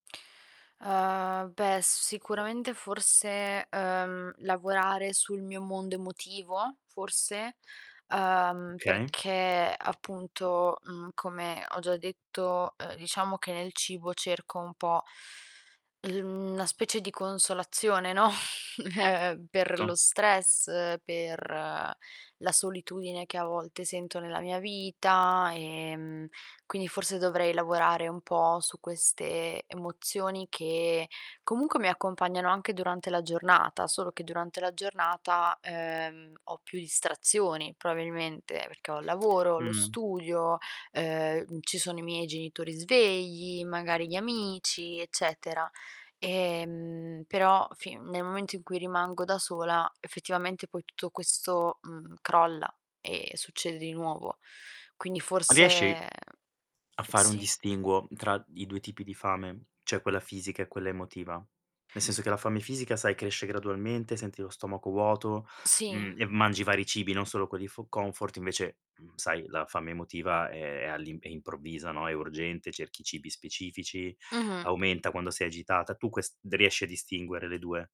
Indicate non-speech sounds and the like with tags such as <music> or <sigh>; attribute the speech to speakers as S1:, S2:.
S1: Uhm, beh, s sicuramente forse, uhm, lavorare sul mio mondo emotivo, forse, uhm,
S2: Okay.
S1: perché appunto, mhmm, come ho già detto, uhm, diciamo che nel cibo cerco un po' il mhmm, una specie di consolazione, no, <chuckles> per lo
S2: To.
S1: stress, per la solitudine che a volte sento nella mia vita e, mhmm, quindi forse dovrei lavorare un po' su queste emozioni, che comunque mi accompagnano anche durante la giornata. Solo che durante la giornata, ehm, ho più distrazioni probabilmente, perché ho il lavoro, lo
S2: Mh.
S1: studio, ehm, ci sono i miei genitori svegli, magari gli amici, eccetera. Ehm, però fin nel momento in cui rimango da sola effettivamente poi tutto questo, mhmm, crolla e succede di nuovo. Quindi
S2: A riesci
S1: forse
S2: a fare un
S1: sì?
S2: distinguo tra i 2 tipi di fame? Cioè, quella fisica e quella emotiva? Nel senso che la fame fisica, sai, cresce gradualmente, senti lo stomaco vuoto,
S1: Sì.
S2: mhmm, ehm, mangi vari cibi, non solo quelli fo comfort invece, mhmm, sai, la fame emotiva è è all'im è improvvisa, no, è urgente, cerchi cibi specifici,
S1: Mh-mh.
S2: aumenta quando sei agitata, tu ques d riesci a distinguere le 2?